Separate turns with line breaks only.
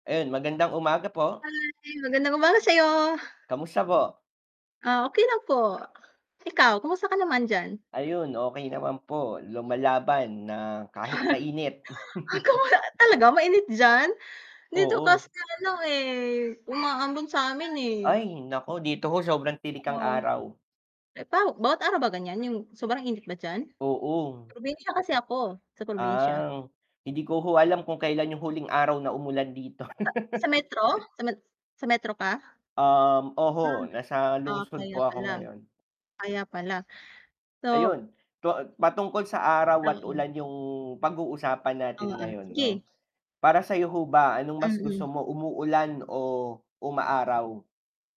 Ayun, magandang umaga po.
Hi, magandang umaga sa'yo.
Kamusta po?
Ah, okey lang po. Ikaw kumusta ka naman diyan?
Ayun okey naman po. Lumalaban na kahit mainit.
[unintelligible] Talaga, mainit diyan? Dito
Oo.
kasi ano eh, umaambon samin, eh.
Ay naku! Dito ho, sobrang tirik ang
Oo.
araw.
Eh paw bawat araw ba ganyan yung sobrang init ba diyan?
Oo.
Probinsya kasi ako, sa probinsya.
Ah, hindi ko ho alam kung kailan yung huling araw na umulan dito.
Sa, sa Metro? Sa met sa Metro ka?
Um,
Ah,
oho nasa
ah
lungsod
kaya
po ako
pala.
ngayon.
Kaya pala so
Ayun to patungkol sa araw at
Oo.
ulan yung pag-uusapan natin
Oo,
ngayon 'no.
sige.
Para sayo ho ba anong mas gusto
Mm.
mo umuulan o umaaraw?